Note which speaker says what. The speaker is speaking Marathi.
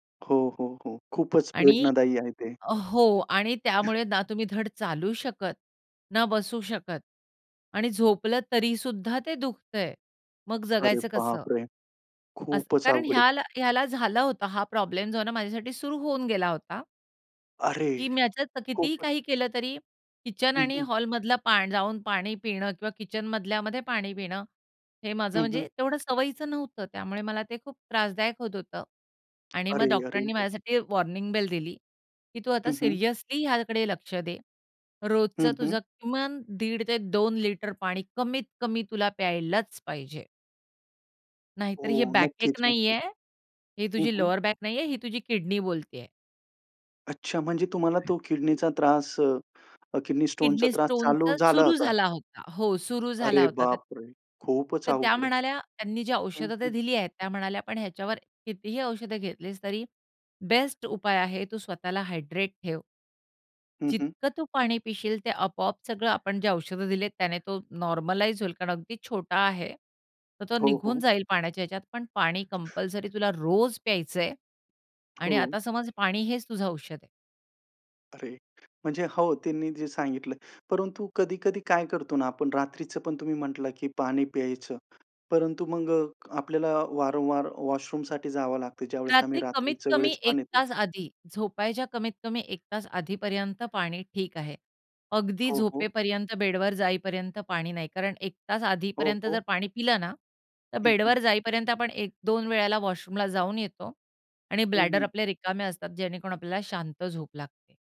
Speaker 1: हो, हो, हो, खूपच
Speaker 2: आणि
Speaker 1: वेदनादायी आहे ते.
Speaker 2: हो आणि त्यामुळे ना तुम्ही धड चालू शकत, ना बसू शकत आणि झोपलं तरीसुद्धा ते दुखतंय. मग
Speaker 1: अरे
Speaker 2: जगायचं कसं?
Speaker 1: बापरे!
Speaker 2: अस
Speaker 1: खूपच
Speaker 2: कारण
Speaker 1: अवघड आहे.
Speaker 2: ह्याला ह्याला झालं होतं हा प्रॉब्लेम जो आहे ना माझ्यासाठी सुरु होऊन गेला होता.
Speaker 1: अरे!
Speaker 2: की मी याचातलं कितीही
Speaker 1: खूप
Speaker 2: काही केलं तरी किचन
Speaker 1: हं,
Speaker 2: आणि
Speaker 1: हं.
Speaker 2: हॉलमधला पा जाऊन पाणी पिणं किंवा किचन मधल्यामध्ये पाणी पिणं हे माझं
Speaker 1: हं, हं.
Speaker 2: म्हणजे तेवढं सवयीचं नव्हतं. त्यामुळे मला ते खूप त्रासदायक होत होतं आणि मग
Speaker 1: अरे,
Speaker 2: डॉक्टरांनी
Speaker 1: अरेरे!
Speaker 2: माझ्यासाठी वॉर्निंग बेल दिली की तू आता
Speaker 1: हं, हं.
Speaker 2: सिरियसली ह्याकडे लक्ष दे. रोजचं
Speaker 1: हं, हं.
Speaker 2: तुझं किमान 1.5 ते 2 लिटर पाणी कमीत कमी तुला प्यायलाच पाहिजे. नाहीतर
Speaker 1: हो,
Speaker 2: हे बॅकएक
Speaker 1: नक्कीच, नक्कीच.
Speaker 2: नाहीये. ही
Speaker 1: हं,
Speaker 2: तुझी
Speaker 1: हं.
Speaker 2: लोवरबॅक नाहीये, ही तुझी किडनी बोलतेय.
Speaker 1: अच्छा म्हणजे तुम्हाला तो किडनीचा त्रास अ, अ, किडनी स्टोनचा
Speaker 2: किडनी
Speaker 1: त्रास चालू
Speaker 2: स्टोनच
Speaker 1: झाला
Speaker 2: सुरु
Speaker 1: होता?
Speaker 2: झाला होता हो, सुरु झाला
Speaker 1: अरे
Speaker 2: होता तर
Speaker 1: बापरे! खूपच
Speaker 2: तर त्या
Speaker 1: अवघड आहे.
Speaker 2: म्हणाल्या त्यांनी जी
Speaker 1: हं,
Speaker 2: औषध ते
Speaker 1: हं.
Speaker 2: दिली आहेत, त्या म्हणाल्या पण ह्याच्यावर कितीही औषध घेतलीस तरी बेस्ट उपाय आहे तू स्वतःला हायड्रेट ठेव.
Speaker 1: हं, हं.
Speaker 2: जितकं तू पाणी पिशील ते आपोआप सगळं, आपण जे औषध दिलेत त्याने तो नॉर्मलाइज होईल कारण अगदी छोटा आहे. तर तो
Speaker 1: हो,
Speaker 2: निघून
Speaker 1: हो.
Speaker 2: जाईल पाण्याच्या ह्याच्यात, पण पाणी कंपल्सरी तुला रोज प्यायचंय आणि
Speaker 1: हो.
Speaker 2: आता समज पाणी हेच तुझं औषध आहे.
Speaker 1: अरे म्हणजे हो, त्यांनी जे सांगितलं. परंतु कधी-कधी काय करतो ना आपण रात्रीचं पण तुम्ही म्हटला की पाणी प्यायचं. परंतु मग अ, आपल्याला वारंवार वॉशरूमसाठी जावं लागतं. ज्यावेळेस आम्ही
Speaker 2: रात्री
Speaker 1: रात्रीच्या
Speaker 2: कमीत-कमी
Speaker 1: वेळेस
Speaker 2: एक
Speaker 1: पाणी पिऊ.
Speaker 2: तास आधी, झोपायच्या कमीत-कमी एक तास आधीपर्यंत पाणी ठीक आहे. अगदी
Speaker 1: हो, हो.
Speaker 2: झोपेपर्यंत बेडवर जाईपर्यंत पाणी नाही. कारण 1 तास
Speaker 1: हो,
Speaker 2: आधीपर्यंत जर
Speaker 1: हो.
Speaker 2: पाणी पिलं ना तर
Speaker 1: हं, हं.
Speaker 2: बेडवर जाईपर्यंत आपण 1-2 वेळेला वॉशरूमला जाऊन येतो आणि
Speaker 1: हं,
Speaker 2: ब्लॅडर
Speaker 1: हं.
Speaker 2: आपले रिकामे असतात जेणेकरून आपल्याला शांत झोप लागते.